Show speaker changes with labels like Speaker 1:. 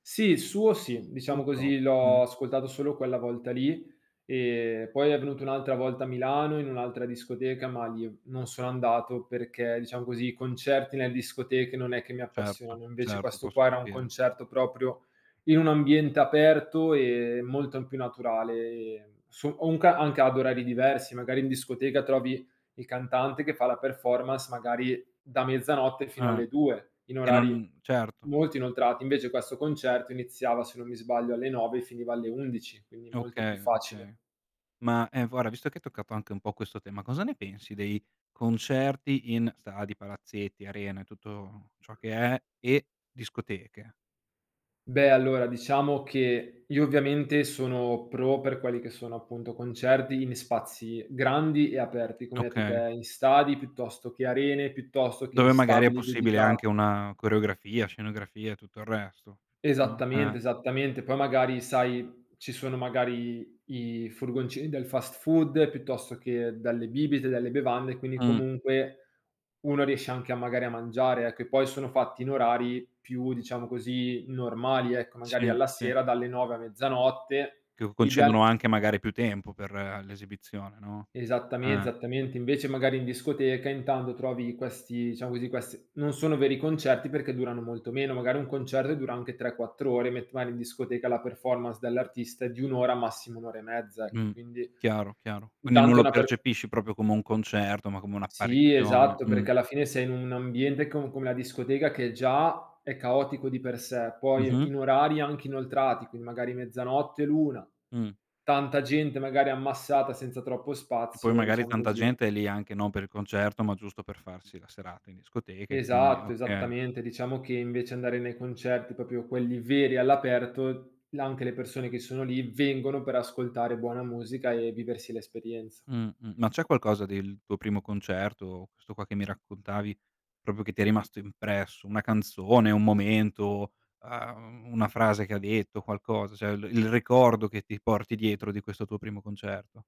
Speaker 1: Sì, i suo sì. Diciamo
Speaker 2: Putro,
Speaker 1: così,
Speaker 2: mh.
Speaker 1: l'ho ascoltato solo quella volta lì, ehm, poi è venuto un'altra volta a Milano, in un'altra discoteca, ma lì non sono andato perché, diciam così, i concerti nel discoteche non è che mi
Speaker 2: Certo,
Speaker 1: appassioni, invece
Speaker 2: certo,
Speaker 1: questo
Speaker 2: posso
Speaker 1: qua era un
Speaker 2: capire.
Speaker 1: concerto proprio in un ambiente aperto e molto m più naturale, ehm, so ho un ca anche ad orari diversi. Magari in discoteca trovi il cantante che fa la performance, magari, da mezzanotte fino
Speaker 2: Eh,
Speaker 1: alle 2:00, in
Speaker 2: e
Speaker 1: orari
Speaker 2: non certo.
Speaker 1: molto inoltrati. Invece questo concerto iniziava, se non mi sbaglio, alle 9:00 e finiva alle 11:00, quindi molto più
Speaker 2: Okay,
Speaker 1: facile.
Speaker 2: okay. Ma, ehm, inf guarda visto che hai toccato anche un po' questo tema, cosa ne pensi dei concerti in stadi, palazzetti, arene, tutto ciò che è, e discoteche?
Speaker 1: Beh allora, diciamo che io ovviamente sono pro per quelli che sono appunto concerti in spazi grandi e aperti come hai etto
Speaker 2: Okay.
Speaker 1: te, in stadi piuttosto che arene, piuttosto che in
Speaker 2: Dove magari è
Speaker 1: stabili
Speaker 2: possibile anche
Speaker 1: dedicati.
Speaker 2: una coreografia, scenografia e tutto il resto. No, eh.
Speaker 1: Esattamente, esattamente, poi magari, sai, ci sono, magari, i furgoncini del fast food, piuttosto che delle bibite, delle bevande, quindi
Speaker 2: Mh.
Speaker 1: comunque uno riesce anche a magari a mangiare, ecco, e poi sono fatti in orari più- diciamo così- normali, ecco, magari
Speaker 2: Sì,
Speaker 1: alla
Speaker 2: sì.
Speaker 1: sera dalle 9 a mezzanotte,
Speaker 2: Che
Speaker 1: ideal
Speaker 2: concedono anche, magari, più tempo per l'esibizione, no?
Speaker 1: Esattame
Speaker 2: Eh.
Speaker 1: esattamente. Invece magari in discoteca intanto trovi questi diciamo così, quest non sono veri concerti perché durano molto meno, magari un concerto dura anche 3, 4 ore, met mari in discoteca la performance dell'artista è di 1 ora, massimo 1 ora e mezza, ecco,
Speaker 2: Mh,
Speaker 1: quindi
Speaker 2: chiaro, chiaro, quindi non
Speaker 1: intanto è
Speaker 2: lo
Speaker 1: una per
Speaker 2: percepisci proprio come un concerto, ma come
Speaker 1: Sì,
Speaker 2: un'apparizione.
Speaker 1: esatto,
Speaker 2: Mh.
Speaker 1: perché alla fine sei in un ambiente com come a discoteca che già è caotico di per sé, poi
Speaker 2: Mh-mh.
Speaker 1: in orari anche inoltrati, quindi magari mezzanotte, l'una
Speaker 2: Mh.
Speaker 1: tanta gente, magari ammassata, senza troppo
Speaker 2: E poi
Speaker 1: spazio e
Speaker 2: magari
Speaker 1: diciamo
Speaker 2: tanta
Speaker 1: così.
Speaker 2: gente è lì anche non per il concerto, ma giusto per farsi la serata in discoteca e quindi è
Speaker 1: Esatto,
Speaker 2: okay.
Speaker 1: esattamente, diciamo che invece andare nei concerti proprio quelli veri, all'aperto, là anche le persone che sono lì vengono per ascoltare buona musica e viversi l'esperienza.
Speaker 2: Mh-mh, ma c'è qualcosa del tuo primo concerto, questo qua che mi raccontavi proprio che ti è rimasto impresso, una canzone, un momento, ehm, una frase che ha detto, qualcosa, cioè l il ricordo che ti porti dietro di questo tuo primo concerto?